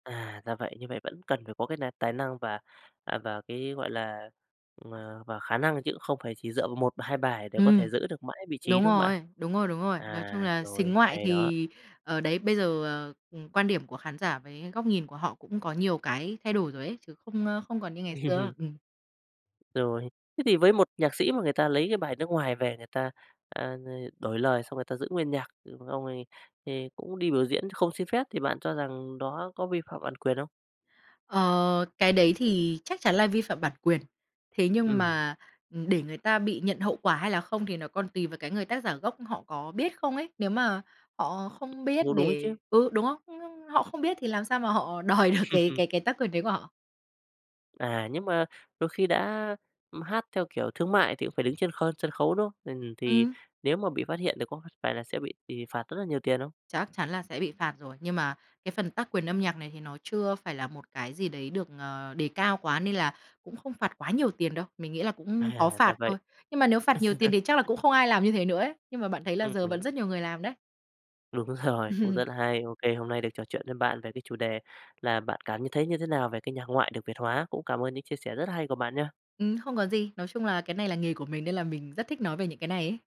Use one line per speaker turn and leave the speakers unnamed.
À, ra vậy, như vậy vẫn cần phải có cái n tài năng và, à, và cái, gọi là, m và khả năng chứ cũng không phải chỉ dựa vào 1 và 2 bài để có
Ừm.
thể giữ được mãi vị trí,
Đúng
đúng không bạn?
rồi, đúng rồi, đúng rồi. Nói chung
À.
là
Rồi,
sính ngoại
hay đó.
thì, ở, đấy bây giờ, ờ, ừm, quan điểm của khán giả với góc nhìn của họ cũng có nhiều cái thay đổi rồi ấy, chứ không, ơ, không còn như ngày xưa. Ừm.
Rồi. Thế thì với một nhạc sĩ mà người ta lấy cái bài nước ngoài về, người ta, à, ưm, đổi lời xong người ta giữ nguyên nhạc, xong rồi thì cũng đi biểu diễn không xin phép, thì bạn cho rằng đó có vi phạm bản quyền không?
Ờ, cái đấy thì chắc chắn là vi phạm bản quyền, thế nhưng
Ừm.
mà, ừm, để người ta bị nhận hậu quả hay là không thì nó còn tùy vào cái người tác giả gốc họ có biết không ấy, nếu mà họ không biết
Ừ, đúng ấy
để
chứ.
ừ, đúng không? Nhưng họ không biết thì làm sao mà họ đòi được cái cái cái tác quyền đấy của họ?
À, nhưng mà đôi khi đã, ừm, hát theo kiểu thương mại thì cũng phải đứng trên kho sân khấu, đúng không? Ừm, thì
Ừm.
nếu mà bị phát hiện thì có phải là sẽ bị thì phạt rất nhiều tiền không?
Chắc chắn là sẽ bị phạt rồi, nhưng mà cái phần tác quyền âm nhạc này thì nó chưa phải là một cái gì đấy được, ờ, đề cao quá nên là cũng không phạt quá nhiều tiền đâu. Mình nghĩ là cũng có
À,
phạt
ra vậy.
thôi, nhưng mà nếu phạt nhiều tiền thì chắc là cũng không ai làm như thế nữa ấy, nhưng mà bạn thấy là giờ vẫn
[unintelligible]
rất nhiều người làm đấy.
Đúng rồi cũng rất là hay. OK, hôm nay được trò chuyện với bạn về cái chủ đề là bạn cảm như thấy như thế nào về cái nhạc ngoại được Việt hóa, cũng cảm ơn những chia sẻ rất hay của bạn nha.
Ừm, không có gì, nói chung là cái này là nghề của mình nên là mình rất thích nói về những cái này ấy.